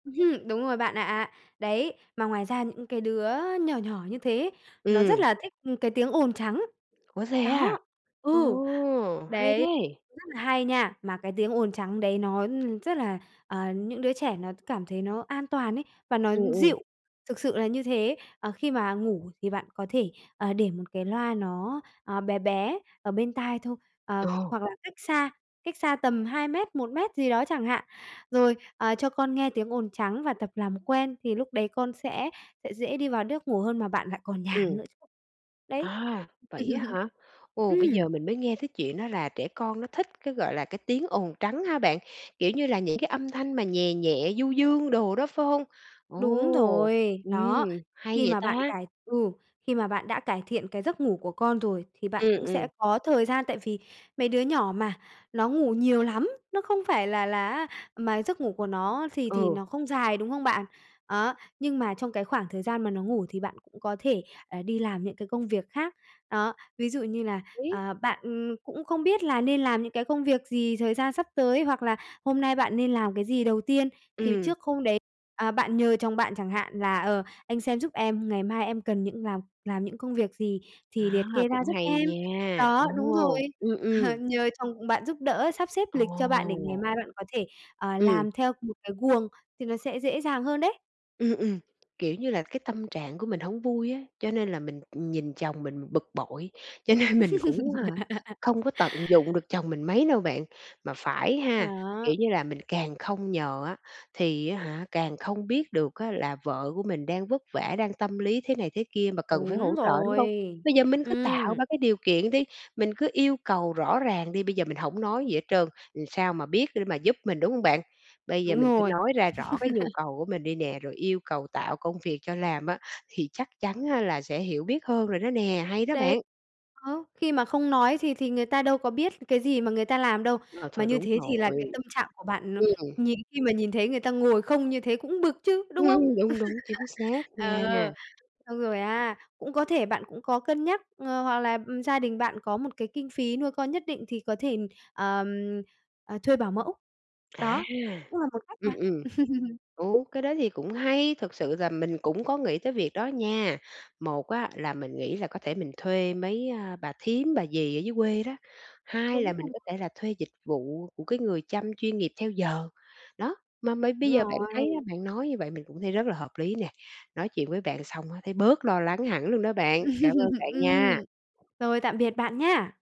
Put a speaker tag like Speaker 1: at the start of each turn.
Speaker 1: Ừm! Đúng rồi bạn ạ! Đấy, mà ngoài ra những cái đứa nhỏ nhỏ như thế, nó rất
Speaker 2: Ừm.
Speaker 1: là thích, ừm, cái tiếng ồn trắng.
Speaker 2: Ủa, thế à?
Speaker 1: Đó,
Speaker 2: Ồ!
Speaker 1: ừ.
Speaker 2: Hay
Speaker 1: Đấy,
Speaker 2: thế!
Speaker 1: cũng rất là hay nha. Mà cái tiếng ồn trắng đấy nó, ừm, rất là à, những đứa trẻ nó cảm thấy nó an toàn ấy, và nó
Speaker 2: Ừm, ừm.
Speaker 1: dịu, thực sự là như thế. Ờ, khi mà ngủ thì bạn có thể, à, để một cái loa nó, à, bé bé ở bên tai thôi. Ờ,
Speaker 2: Ồ!
Speaker 1: hoặc là cách xa, cách xa tầm 2 mét, 1 mét gì đó chẳng hạn. Rồi, à, cho con nghe tiếng ồn trắng và tập làm quen thì lúc đấy con sẽ sẽ dễ đi vào nước ngủ hơn mà bạn lại còn nhàn
Speaker 2: Ừm.
Speaker 1: nữa chứ. Đấy.
Speaker 2: À! Vậy á hả? Ồ, bây
Speaker 1: Ừm.
Speaker 2: giờ mình mới nghe cái chuyện đó là trẻ con nó thích cái, gọi là, cái tiếng ồn trắng hả bạn? Kiểu như là những cái âm thanh mà nhè nhẹ, du dương đồ đó, phải hông?
Speaker 1: Đúng
Speaker 2: Ồ!
Speaker 1: rồi!
Speaker 2: Ừm,
Speaker 1: Đó.
Speaker 2: hay
Speaker 1: Khi
Speaker 2: vậy
Speaker 1: mà bạn
Speaker 2: ta!
Speaker 1: cải ừ, khi mà bạn đã cải thiện cái giấc ngủ của con rồi thì bạn
Speaker 2: Ừm,
Speaker 1: cũng
Speaker 2: ừm.
Speaker 1: sẽ có thời gian. Tại vì mấy đứa nhỏ mà, nó ngủ nhiều lắm, nó không phải là là á mà giấc ngủ của nó thì thì
Speaker 2: Ừ.
Speaker 1: nó không dài, đúng không bạn? Đó, nhưng mà trong cái khoảng thời gian mà nó ngủ thì bạn cũng có thể, à, đi làm những cái công việc khác. Đó, ví dụ như là,
Speaker 2: [unintelligible]
Speaker 1: ờ, bạn, ừm, cũng không biết là nên làm những cái công việc gì, thời gian sắp tới hoặc là hôm nay bạn nên làm cái gì đầu tiên thì
Speaker 2: Ừm.
Speaker 1: trước hôm đấy, à, bạn nhờ chồng bạn chẳng hạn là "Ờ, anh xem giúp em, ngày mai em cần những làm làm những công việc gì thì
Speaker 2: À!
Speaker 1: liệt kê ra
Speaker 2: Cũng
Speaker 1: giúp
Speaker 2: hay
Speaker 1: em."
Speaker 2: nha.
Speaker 1: Đó, đúng rồi!
Speaker 2: Ồ! Ừm,
Speaker 1: Ờ,
Speaker 2: ừm.
Speaker 1: nhờ chồng bạn giúp đỡ, sắp xếp lịch cho bạn để ngày
Speaker 2: Ồ!
Speaker 1: mai bạn có thể, ờ,
Speaker 2: Ừm.
Speaker 1: làm theo một cái guồng thì nó sẽ dễ dàng hơn đấy.
Speaker 2: Ừm, ừm. Kiểu như là cái tâm trạng của mình hổng vui á. Cho nên là mình, ừm, nhìn chồng mình bực bội, cho nên mình cũng hả, không có tận dụng được chồng mình mấy đâu bạn. Mà phải ha, kiểu
Speaker 1: Đó!
Speaker 2: như là, mình càng không nhờ á thì á hả, càng không biết được á là vợ của mình đang vất vả, đang tâm lý thế này thế kia mà cần phải
Speaker 1: Đúng
Speaker 2: hỗ trợ, đúng không?
Speaker 1: rồi!
Speaker 2: Bây giờ mình cứ tạo
Speaker 1: Ừm.
Speaker 2: ra cái điều kiện đi, mình cứ yêu cầu rõ ràng đi. Bây giờ mình hổng nói gì hết trơn, làm sao mà biết để mà giúp mình, đúng hông bạn? Bây giờ
Speaker 1: Đúng
Speaker 2: mình cứ
Speaker 1: rồi.
Speaker 2: nói ra rõ cái nhu cầu của mình đi nè, rồi yêu cầu tạo công việc cho làm á, thì chắc chắn là sẽ hiểu biết hơn rồi đó nè. Hay đó
Speaker 1: Đấy.
Speaker 2: bạn!
Speaker 1: Đó, khi mà không nói thì thì người ta đâu có biết cái gì mà người ta làm đâu?
Speaker 2: Ờ,
Speaker 1: Mà
Speaker 2: thôi
Speaker 1: như
Speaker 2: đúng
Speaker 1: thế thì là cái
Speaker 2: rồi!
Speaker 1: tâm trạng của bạn nó
Speaker 2: Ừm.
Speaker 1: nhìn khi mà nhìn thấy người ta ngồi không như thế cũng bực chứ, đúng không?
Speaker 2: Ừm! Đúng, đúng, chính xác
Speaker 1: Ờ,
Speaker 2: nha!
Speaker 1: xong rồi á cũng có thể bạn cũng có cân nhắc, ờ, hoặc là, ừm, gia đình bạn có một cái kinh phí nuôi con nhất định thì có thể, à, à, thuê bảo mẫu.
Speaker 2: À!
Speaker 1: Đó, cũng là một cách
Speaker 2: Ừm,
Speaker 1: mà.
Speaker 2: ừm. Ừ, cái đó thì cũng hay! Thực sự là mình cũng có nghĩ tới việc đó nha. Một á là mình nghĩ là có thể mình thuê mấy, à, bà thím, bà dì ở dưới quê đó. Hai
Speaker 1: Đúng
Speaker 2: là mình
Speaker 1: rồi.
Speaker 2: có thể là thuê dịch vụ của cái người chăm chuyên nghiệp theo giờ. Đó, mà mây bây
Speaker 1: Đúng
Speaker 2: giờ bạn
Speaker 1: rồi!
Speaker 2: thấy bạn nói như vậy mình cũng thấy rất là hợp lý nè. Nói chuyện với bạn xong thấy bớt lo lắng hẳn luôn đó bạn. Cảm ơn bạn nha.
Speaker 1: Ừm. Rồi tạm biệt bạn nhá.